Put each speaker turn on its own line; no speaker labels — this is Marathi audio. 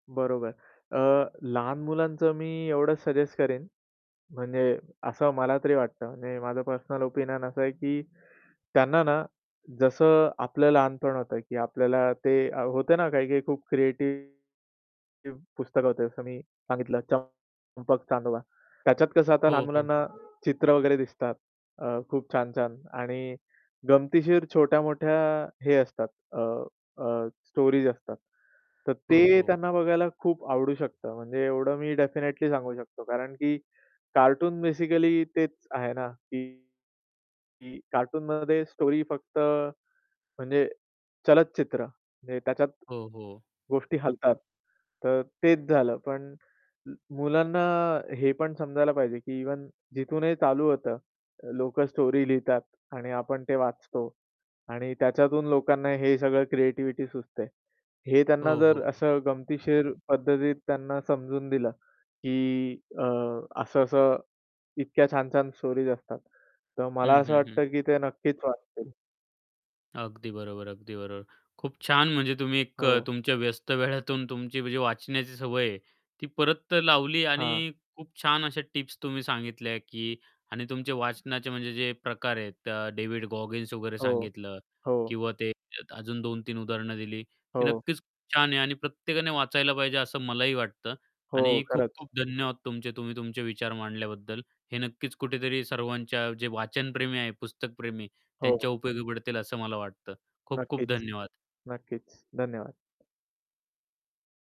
बरोबर.अ, लहान मुलांचं मी एवढंच सजेस्ट करेन. म्हणजे असं मला तरी वाटतं म्हणजे माझं पर्सनल ओपिनियन असं आहे की त्यांना ना, जसं आपलं लहानपण होतं की आपल्याला ते होत ना काही काही खूप क्रिएटिव्ह पुस्तक होते जसं मी सांगितलं चंपक-चांदोबा. त्याच्यात कसं आता लहान
हो, हो.
मुलांना चित्र वगैरे दिसतात. अ, खूप छान-छान आणि गमतीशीर छोट्या-मोठ्या हे असतात अ, अ, स्टोरीज असतात. तर
हो,
ते
हो.
त्यांना बघायला खूप आवडू शकतं. म्हणजे एवढं मी डेफिनेटली सांगू शकतो. कारण की कार्टून बेसिकली तेच आहे ना की की कार्टूनमध्ये स्टोरी फक्त म्हणजे चलचित्र म्हणजे त्याच्यात
हो, हो.
गोष्टी हलतात. तर तेच झालं पण मुलांना हे पण समजायला पाहिजे की इव्हन जिथूनही चालू होतं लोकं स्टोरी लिहितात आणि आपण ते वाचतो आणि त्याच्यातून लोकांना हे सगळं क्रिएटिव्हिटी सुचते. हे त्यांना
हो,
जर
हो, हो.
असं गमतीशीर पद्धतीत त्यांना समजून दिलं की अ, असं-असं इतक्या छान-छान स्टोरीज असतात, तर मला
हं,
असं
हं, हं.
वाटतं की ते नक्कीच वाचतील.
अगदी बरोबर, अगदी बरोबर. खूप छान म्हणजे तुम्ही एक
हो.
तुमच्या व्यस्त वेळातून तुमची म्हणजे वाचण्याची सवय आहे ती परत लावली
हां.
आणि खूप छान अशा टिप्स तुम्ही सांगितल्या की आणि तुमचे वाचनाचे म्हणजे जे प्रकार आहेत डेव्हिड गॉगिन्स वगैरे
हो.
सांगितलं
हो.
किंवा ते अजून 2-3 उदाहरणं दिली ती
हो.
नक्कीच खूप छान आहे आणि प्रत्येकाने वाचायला पाहिजे असं मलाही वाटतं
हो
आणि
खरंच.
खूप-खूप धन्यवाद तुमचे तुम्ही तुमचे विचार मांडल्याबद्दल. हे नक्कीच कुठेतरी सर्वांच्या जे वाचन प्रेमी आहे पुस्तकप्रेमी त्यांच्या
हो.
उपयोगी पडतील असं मला वाटतं. खूप-खूप
नक्कीच.
धन्यवाद.
नक्कीच धन्यवाद.